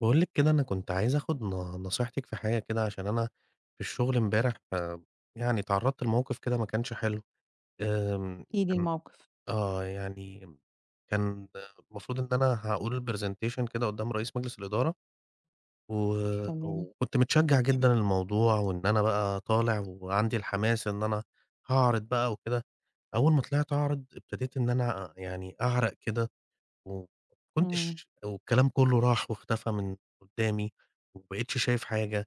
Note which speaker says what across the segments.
Speaker 1: باقول لِك كده أنا كنت عايز أخد ن نصيحتِك في حاجة كده عشان أنا في الشغل امبارح آمم يعني اتعرّضت لموقِف كده ما كانش حلو. آمم،
Speaker 2: احكِ لي
Speaker 1: كان
Speaker 2: الموقِف؟
Speaker 1: آه، يعني كان المفروض إن أنا هاقول presentation كده قُدّام رئيس مجلس الإدارة و
Speaker 2: تمام.
Speaker 1: وكنت متشجع جدًا للموضوع، وإن أنا بقى طالع وعندي الحماس إن أنا هاعرِض بقى وكده. أول ما طلِعت أعرض ابتديت إن أنا يعني أعرق كده، وما
Speaker 2: إمم.
Speaker 1: كنتش والكلام كلّه راح واختفى من قدامي، وما بقيتش شايف حاجة،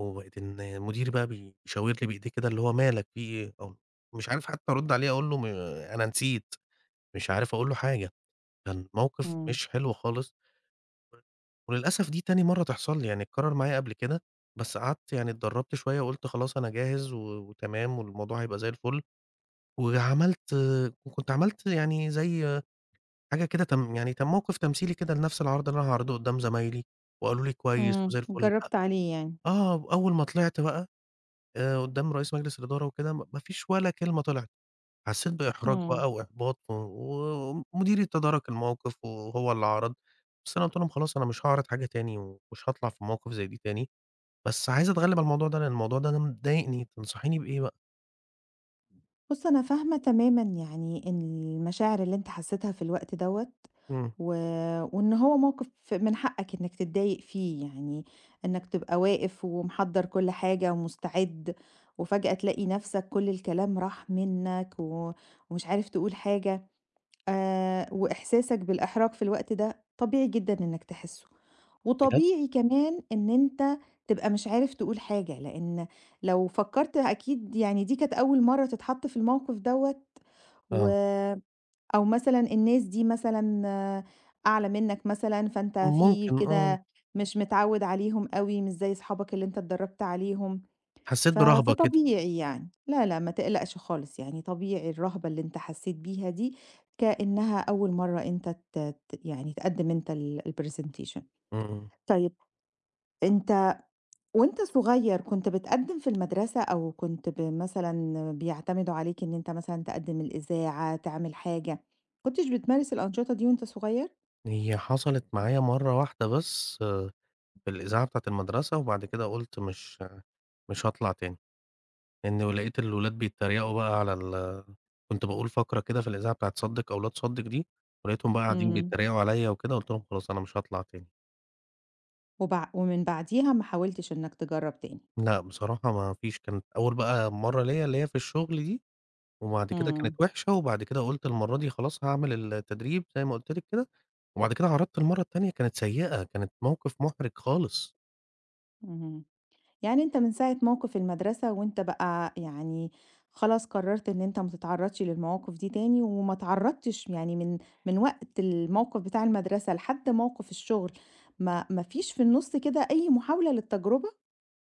Speaker 1: وبقيت إن مديري بقى بيشاور لي بإيديه كده اللي هو "ما لك في إيه؟" أو مش عارف حتى أرد عليه أقول له ما أنا نسيت، مش عارف أقول له حاجة. كان موقِف
Speaker 2: إمم.
Speaker 1: مش حلو خالص. وللأسف دي تاني مرّة تحصَل لي، يعني اتكرر معايا قبل كده، بس قعدت يعني اتدربت شوية وقُلت خلاص أنا جاهز و وتمام والموضوع هيبقى زَي الفل. وعملت وكنت عملت يعني زَي حاجة كده كم يعني كموقِف تمثيلي كده لنَفْس العرض اللي أنا هاعرضه قُدّام زمايلي وقالوا لي: "كويس
Speaker 2: إمم.
Speaker 1: وزَي الفل."
Speaker 2: جربت عليه يعني؟
Speaker 1: آه، أوّل ما طلِعت بقى آآ قُدّام رئيس مجلس الإدارة وكده، م ما فيش ولا كلمة طلِعت. حسيت بإحراج
Speaker 2: إمم.
Speaker 1: بقى وإحباط و ومديري تدارك الموقِف وهو اللي عرَض. بس أنا قُلت لهم: "خلاص أنا مش هاعرض حاجة تاني، ومش هاطلَع في مواقِف زَي دي تاني." بس عايز أتغلّب على الموضوع ده، لإن الموضوع ده مضايقني. تنصحيني بإيه بقى؟
Speaker 2: بُص أنا فاهمة تمامًا يعني إن المشاعر اللي أنت حسيتها في الوقت دوّة،
Speaker 1: إمم.
Speaker 2: و وإن هو موقف من حقك إنك تضايق فيه، يعني إنك تبقى واقف ومحضّر كل حاجة ومستعد، وفجأة تلاقي نفسك كل الكلام راح منك، و ومش عارف تقول حاجة، آآ، وإحساسك بالإحراج في الوقت ده طبيعي جدًا إنك تحسه.
Speaker 1: بجد!
Speaker 2: وطبيعي كمان إن أنت تبقى مش عارف تقول حاجة، لإن لو فكّرت أكيد يعني دي كانت أول مرة تتحط في الموقف دوّة، و
Speaker 1: آه.
Speaker 2: أو مثلًا الناس دي مثلًا أعلى منك مثلًا، فأنت في
Speaker 1: ممكن، آه.
Speaker 2: كده مش متعود عليهم أوي، مش زي أصحابك اللي أنت اتدربت عليهم،
Speaker 1: حسّيت
Speaker 2: ف
Speaker 1: برهبة كده.
Speaker 2: فطبيعي يعني. لا، لا، ما تقلقش خالص، يعني طبيعي الرهبة اللي أنت حسّيت بيها دي كأنها أول مرة أنت ت ت يعني تقدم أنت ال الpresentation.
Speaker 1: إمم.
Speaker 2: طيب، أنت وأنت صغير كنت بتقدم في المدرسة أو كنت ب مثلًا بيعتمدوا عليك إن أنت مثلًا تقدم الإذاعة، تعمل حاجة، ما كنتش بتمارس الأنشطة دي وأنت صغير؟
Speaker 1: هي حصلت معايا مرّه واحدة بس في الإذاعة بتاعة المدرسة، وبعد كده قُلت مش مش هاطلع تاني. لإن لقيت الولاد بيتريقوا بقى على ال كنت باقول فقرة كده في الإذاعة بتاعة صدِّق أو لا تصدِّق دي، ولقيتهم بقى قاعدين
Speaker 2: امم.
Speaker 1: بيتريقوا عليَّ وكده، قُلت لهم خلاص أنا مش هاطلع تاني.
Speaker 2: وبع ومن بعديها ما حاولتش إنك تجرّب تاني؟
Speaker 1: لأ، بصراحة ما فيش كانت أول بقى مرّه ليّا اللي هي في الشغل دي، وبعد كده كانت
Speaker 2: امم.
Speaker 1: وحشة، وبعد كده قُلت المرّه دي خلاص هاعمل ال التدريب زي ما قُلت لِك كده، وبعد كده عرضت المرّه التانية كانت سيئة، كانت موقف محرج خالص.
Speaker 2: اهم، يعني أنت من ساعة موقف المدرسة وأنت بقى يعني خلاص قرّرت إن أنت ما تتعرّضش للمواقف دي تاني، وما اتعرّضتش يعني من من وقت الموقف بتاع المدرسة لحد موقف الشغل، ما ما فيش في النُصّ كده أي محاولة للتجربة؟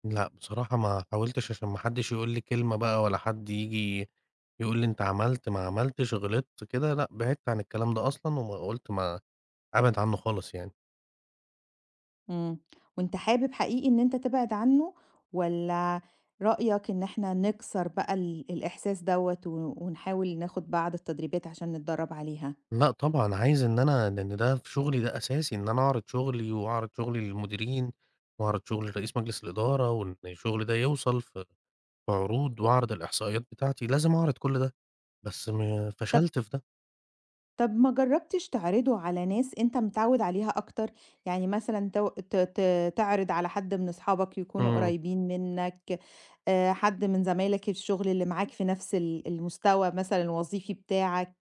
Speaker 1: لأ، بصراحة ما حاولتش عشان ما حدش يقول لي كلمة بقى، ولا حد ييجي يقول لي أنت عملت ما عملتش، غلطت، كده، لأ، بعدت عن الكلام ده أصلًا، وم قُلت ما أبعد عنه خالص يعني.
Speaker 2: إمم، وأنت حابب حقيقي إن أنت تبعد عنه؟ والَّا رأيك إن إحنا نكسر بقى ال الإحساس دوَّة ون ونحاول ناخد بعض التدريبات عشان نتدرّب عليها؟
Speaker 1: لأ طبعًا، عايز إن أنا لأن ده في شغلي ده أساسي إن أنا أعرض شغلي، وأعرض شغلي للمديرين، وأعرض شغلي لرئيس مجلس الإدارة، وإن الشغل ده يوصل ف في عروض وأعرض الإحصائيات بتاعتي، لازم أعرض كُلّ ده، بس ما
Speaker 2: طَب
Speaker 1: فشلت في ده.
Speaker 2: طَب ما جرّبتش تعرضُه على ناس أنت متعوِّد عليها أكتر؟ يعني مثلًا تو ت ت تعرض على حد من أصحابك يكونوا
Speaker 1: إمم.
Speaker 2: قريبين منك آآ، حد من زمايلك الشغل اللي معاك في نفس ال المستوى مثلًا الوظيفي بتاعك،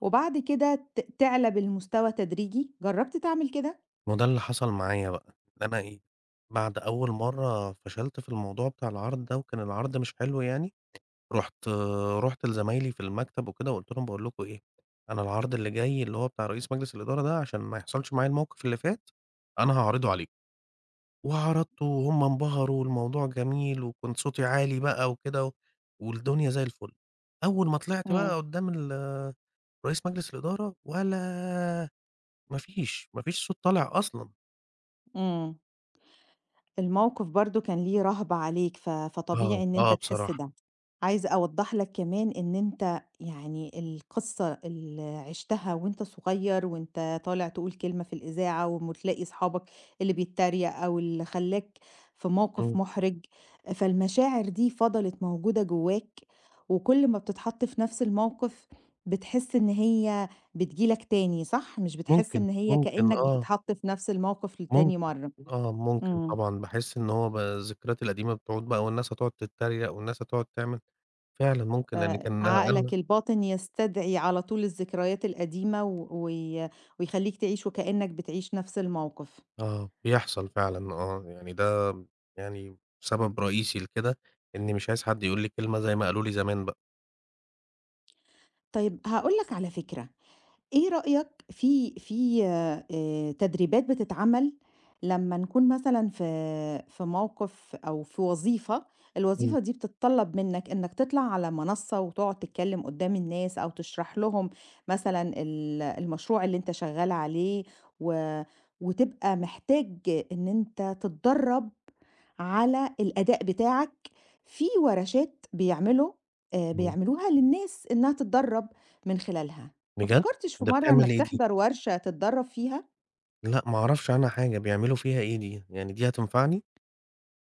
Speaker 2: وبعد كده ت تعلى بالمستوى تدريجي، جرّبت تعمل كده؟
Speaker 1: ما هو ده اللي حصل معايا بقى، إن أنا إيه، بعد أول مرّه فَشَلت في الموضوع بتاع العرض ده، وكان العرض مش حلو يعني رُحت رُحت لزمايلي في المكتب وكده وقُلت لهم باقول لكم إيه، أنا العرض اللي جاي اللي هو بتاع رئيس مجلس الإدارة ده، عشان ما يحصلش معايا الموقف اللي فات، أنا هاعرضه عليكم، وعرضته وهم انبهروا والموضوع جميل، وكنت صوتي عالي بقى وكده، و والدنيا زي الفُلّ أول ما طلعت
Speaker 2: إمم.
Speaker 1: بقى قدّام ال رئيس مجلس الإدارة، ولا ما فيش ما فيش صوت طالع أصلًا.
Speaker 2: امم. الموقف برضه كان ليه رهبة عليك، ف
Speaker 1: آه،
Speaker 2: فطبيعي إن أنت
Speaker 1: آه،
Speaker 2: تحس
Speaker 1: بصراحة.
Speaker 2: ده، عايزة أوضّح لك كمان إن أنت، يعني القصّة اللي عِشتها وأنت صغيّر، وأنت طالع تقول كلمة في الإذاعة وتلاقي أصحابك، اللي بيتريق أو اللي خلاك، في موقف
Speaker 1: امم.
Speaker 2: محرج، فالمشاعر دي فَضَلِت موجودة جوّاك، وكل ما بتتحط في نَفْس الموقف، بتحس إن هي، بتيجي لك تاني، صح؟ مش بتحس
Speaker 1: ممكن،
Speaker 2: إن هي
Speaker 1: ممكن
Speaker 2: كأنّك
Speaker 1: آه.
Speaker 2: بتتحط في نَفْس الموقف لتاني
Speaker 1: ممكن،
Speaker 2: مرّه؟
Speaker 1: آه ممكن
Speaker 2: امم.
Speaker 1: طبعًا، باحِس إن هو ب الذكريات القديمة بتعود بقى والناس هتقعد تتريق، والناس هتقعد تعمل، فعلًا
Speaker 2: ف
Speaker 1: ممكن لإن كان أنا
Speaker 2: عقلك الباطن يستدعي على طول الذكريات القديمة، و وي ويخليك تعيشه كأنّك بتعيش نَفْس الموقف.
Speaker 1: آه، بيحصل فعلًا آه، يعني ده يعني سبب رئيسي لكده، إني مش عايز حد يقول لي كلمة زي ما قالوا لي زمان بقى.
Speaker 2: طيب، هاقول لك على فكرة، إيه رأيك، في في آآ، تدريبات بتتعمل، لمّا نكون مثلًا في في موقف أو في وظيفة،
Speaker 1: امم.
Speaker 2: الوظيفة دي بتتطلّب منّك إنّك تطلع على منصّة وتقعد تتكلّم قدّام الناس أو تشرح لهم، مثلًا ال المشروع اللي أنت شغّال عليه، و وتبقى محتاج إن أنت تتدرّب على الأداء بتاعك، في ورشات بيعملوا آآ،
Speaker 1: امم.
Speaker 2: بيعملوها للناس إنّها تتدرّب، من خلالها، ما
Speaker 1: بجد،
Speaker 2: فكّرتش في
Speaker 1: ده
Speaker 2: مرّه
Speaker 1: بتعمل
Speaker 2: إنّك
Speaker 1: إيه دي؟
Speaker 2: تحضر ورشة تتدرّب فيها؟
Speaker 1: لأ ما اعرفش عنها حاجة بيعملوا فيها إيه دي؟ يعني دي هتنفعني؟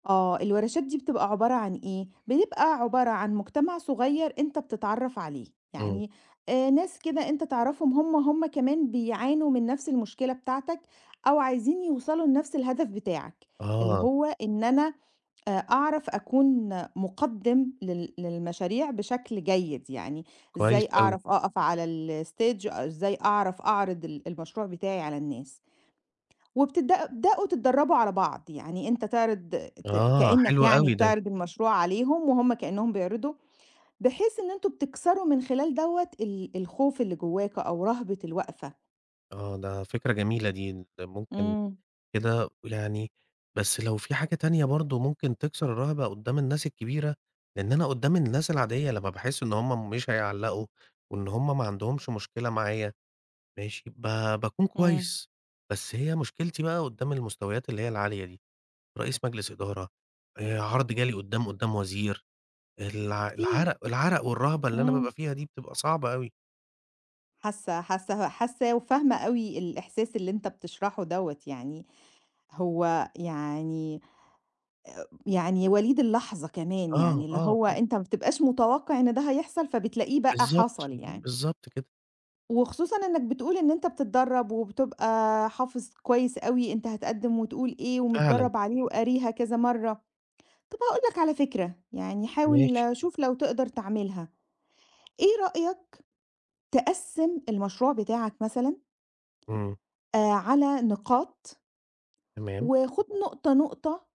Speaker 2: آه، الورشات دي بتبقى عبارة عن إيه، بيبقى عبارة عن مجتمع صغيّر أنت بتتعرّف عليه،
Speaker 1: امم.
Speaker 2: يعني آآ، ناس كده أنت تعرفهم هم، هم كمان بيعانوا من نَفْس المشكلة بتاعتك، أو عايزين يوصلوا لنَفْس الهدف بتاعك، اللي
Speaker 1: آه.
Speaker 2: هو إن أنا، آآ، أعرف أكون مقدِّم لل للمشاريع بشكل جيد يعني،
Speaker 1: كويس
Speaker 2: إزاي
Speaker 1: أوي.
Speaker 2: أعرف أقف على الstage إزاي أعرف أعرض ال المشروع بتاعي على الناس. وبتبدأ تبدأوا تتدربوا على بعض، يعني أنت تعرض ت
Speaker 1: آه،
Speaker 2: كأنّك
Speaker 1: حلو
Speaker 2: يعني
Speaker 1: أوي ده.
Speaker 2: بتعرض المشروع عليهم، وهم كأنّهم بيعرضوا، بحيث إن أنتم بتكسروا من خلال دوَّة ال الخوف اللي جوّاك أو رهبة الوقفة.
Speaker 1: آه، ده فكرة جميلة دي. ن ده ممكن
Speaker 2: إمم.
Speaker 1: كده يعني بس لو في حاجة تانية برضه ممكن تكسر الرهبة قدّام الناس الكبيرة، لإن أنا قدّام الناس العادية لمّا باحس إن هُم مش هيعلّقوا، وإن هُم ما عَندهمش مشكلة معايا، ماشي، ب باكون
Speaker 2: إمم.
Speaker 1: كويّس. بس هي مشكلتي بقى قدّام المستويات اللي هي العالية دي، رئيس مجلس إدارة، آآ عرض جالي قدّام قدّام وزير. الع
Speaker 2: في
Speaker 1: العرق العرق والرهبة اللي أنا بابقى
Speaker 2: إمم.
Speaker 1: فيها دي بتبقى صعبة أوي.
Speaker 2: حاسة حاسة حاسة وفاهمة أوي الإحساس اللي أنت بتشرحه دَوَّة يعني، هو يعني يعني وليد اللحظة كمان
Speaker 1: آه،
Speaker 2: يعني، اللي
Speaker 1: آه،
Speaker 2: هو
Speaker 1: آه.
Speaker 2: أنت ما بتبقاش متوقِّع إن ده هيحصل فبتلاقيه بقى
Speaker 1: بالضبط،
Speaker 2: حصل يعني.
Speaker 1: بالضبط كده.
Speaker 2: وخصوصًا إنّك بتقول إن أنت بتتدرب وبتبقى حافظ كويّس أوي أنت هتقدّم وتقول إيه
Speaker 1: فعلًا.
Speaker 2: ومتدرّب عليه وقاريها كذا مَرّة. طَب هاقول لك على فكرة، يعني حاول
Speaker 1: ماشي.
Speaker 2: شوف لو تقدَر تعملها. إيه رأيك تقسِّم المشروع بتاعك مثلًا
Speaker 1: امم.
Speaker 2: آآ، على نقاط؟
Speaker 1: تمام.
Speaker 2: وخُد نقطة، نقطة،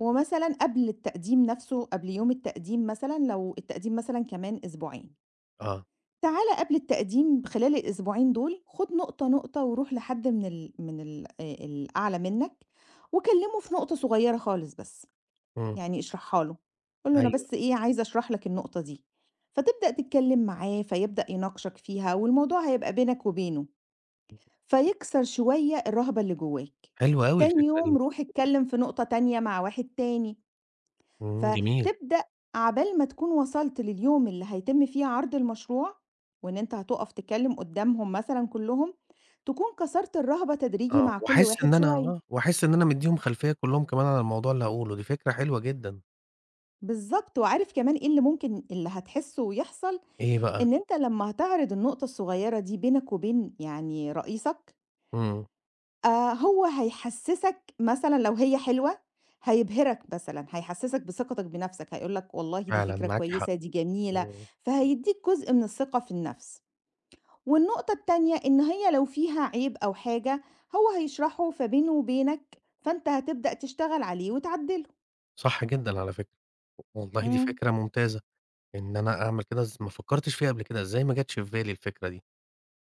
Speaker 2: ومثلًا قبل التقديم نَفْسه قبل يوم التقديم مثلًا، لو التقديم مثلًا كمان أسبوعين.
Speaker 1: آه.
Speaker 2: تعالَ قبل التقديم خلال الأسبوعين دُول خُد نقطة، نقطة ورُوح لحد من ال من ال آآ الأعلى منك وكلّمه في نقطة صغيرة خالص بس،
Speaker 1: إمم.
Speaker 2: يعني اشرحها له، قُل له أنا
Speaker 1: أيوه.
Speaker 2: بس إيه عايز أشرح لك النقطة دي، فتبدأ تتكلم معاه فيبدأ يناقشك فيها والموضوع هيبقى بينك وبينه، فيكسَر شوية الرهبة اللي جواك،
Speaker 1: حلوة أوي
Speaker 2: تاني
Speaker 1: الفكرة
Speaker 2: يوم
Speaker 1: دي.
Speaker 2: رُوح اتكلم في نقطة تانية مع واحد تاني،
Speaker 1: إمم، جميل.
Speaker 2: فتبدأ عبال ما تكُون وصَلت لليوم اللي هيتم فيه عرض المشروع، وإن أنت هتقف تتكلم قدّامهم مثلًا كُلّهم، تكُون كسَرت الرهبة تدريجي
Speaker 1: آه،
Speaker 2: مع كُلّ
Speaker 1: وأحس إن
Speaker 2: واحد
Speaker 1: أنا
Speaker 2: شوية.
Speaker 1: آه، وأحس إن أنا مديهم خلفية كُلّهم كمان على الموضوع اللي هاقوله، دي فكرة حلوة جدًا.
Speaker 2: بالضبط، وعارف كمان إيه اللي ممكن اللي هتحسُّه ويحصَل؟
Speaker 1: إيه بقى؟
Speaker 2: إن أنت لمّا هتعرض النقطة الصغيرة دي بينك وبين يعني رئيسك
Speaker 1: إمم.
Speaker 2: آآ، هو هيحسسك مثلًا لو هي حلوة هيبهرك مثلًا، هيحسِّسك بثقتك بنفسك، هيقول لك والله دي
Speaker 1: فعلًا
Speaker 2: فكرة
Speaker 1: معاكِ حق،
Speaker 2: كويسة، دي جميلة،
Speaker 1: إمم.
Speaker 2: فهيديك جزء من الثقة في النَفْس، والنقطة التانية إن هي لو فيها عيب أو حاجة، هو هيشرَحه، فبينه وبينك، فأنت هتبدأ تشتغل عليه وتعدّله.
Speaker 1: صح جدًا على فكرة، والله دي
Speaker 2: إمم.
Speaker 1: فكرة ممتازة، إن أنا أعمل كده إز ما فكّرتش فيها قبل كده إزاي ما جتش في بالي الفكرة دي!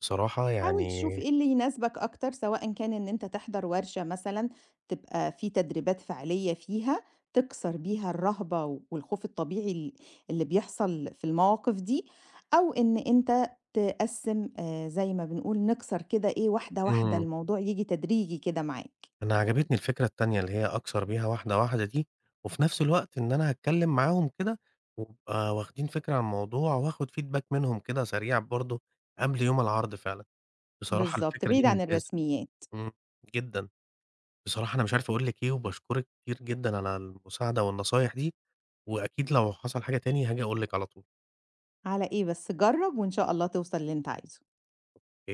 Speaker 1: بصراحة
Speaker 2: حاول
Speaker 1: يعني
Speaker 2: تشوف إيه اللي يناسبك أكتر سواء إن كان إن أنت تحضَر ورشة مثلًا، تبقى في تدريبات فعلية فيها تكسَر بيها الرهبة والخوف الطبيعي ال اللي بيحصَل في المواقف دي، أو إن أنت تقسِّم آآ، زي ما بنقول نكسَر كده إيه واحدة، واحدة
Speaker 1: إمم.
Speaker 2: الموضوع ييجي تدريجي كده معاك.
Speaker 1: أنا عجبتني الفكرة التانية اللي هي أكسَر بيها واحدة، واحدة دي، وفي نَفْس الوقت إن أنا هاتكلم معاهم كده، ويبقى واخدين فكرة عن الموضوع، وأخد feedback منهم كده سريع برضه قبل يوم العرض فعلًا، بصراحة
Speaker 2: بالضبط،
Speaker 1: الفكرة دي
Speaker 2: بعيد عن
Speaker 1: ممتازة
Speaker 2: الرسميات.
Speaker 1: إمم، جدًا، بصراحة أنا مش عارف أقول لِك إيه، وباشكرِك كتير جدًا على المساعدة والنصايح دي، وأكيد لو حصل حاجة تاني هاجي أقول لِك على طُول.
Speaker 2: على إيه بس، جرّب وإن شاء الله توصَل للي أنت عايزُه.
Speaker 1: أوكي.